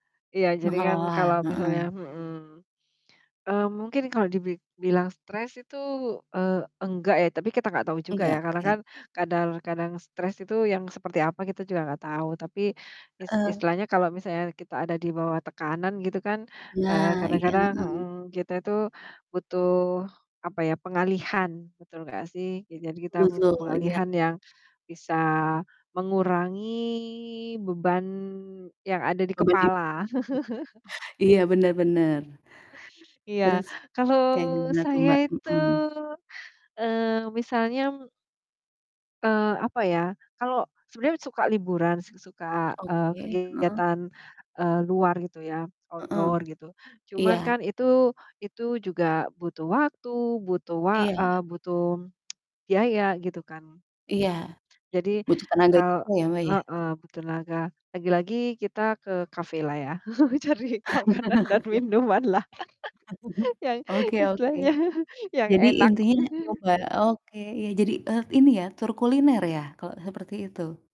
Iya, jadi kan Mengelola, kalau misalnya heeh. mhm. Eee, mungkin kalau dibik bilang stres itu, eee, enggak ya, tapi kita gak tau juga ya, Nggak, karena oke. kan kadar kadang stres itu yang seperti apa kita juga gak tau, tapi is Eh. istilahnya kalau misalnya kita ada di bawah tekanan gitu kan, eee, Nah, iya, kadang-kadang heeh. mhm kita tuh butuh, apa ya, pengalihan. Betul gak sih. Ya, jadi kita butuh Betul, iya. pengalihan yang bisa mengurangi beban yang ada di Oh bagi kepala. iya, bener bener. Iya. Terus Kalau kayak gimana tuh, saya Mbak. itu, Mhm. eee, misalnya m eee, apa ya, kalau sebenernya suka liburan, s suka, eee, Oke, heeh. kegiatan, eee, luar gitu ya, Heeh, outdoor gitu. Cuman iya. kan itu itu juga butuh waktu, butuh wa Iya. eee, butuh biaya gitu kan. Iya. Mhm. Jadi Butuh tenaga kal juga ya, Mbak, ya. heeh, butuh tenaga, lagi-lagi kita ke kafe lah ya. Cari makanan dan minuman lah, yang Oke oke. istilahnya yang Jadi enak. intinya nyoba oke, iya, jadi, eee, ini ya, tur kuliner ya, kalau seperti itu.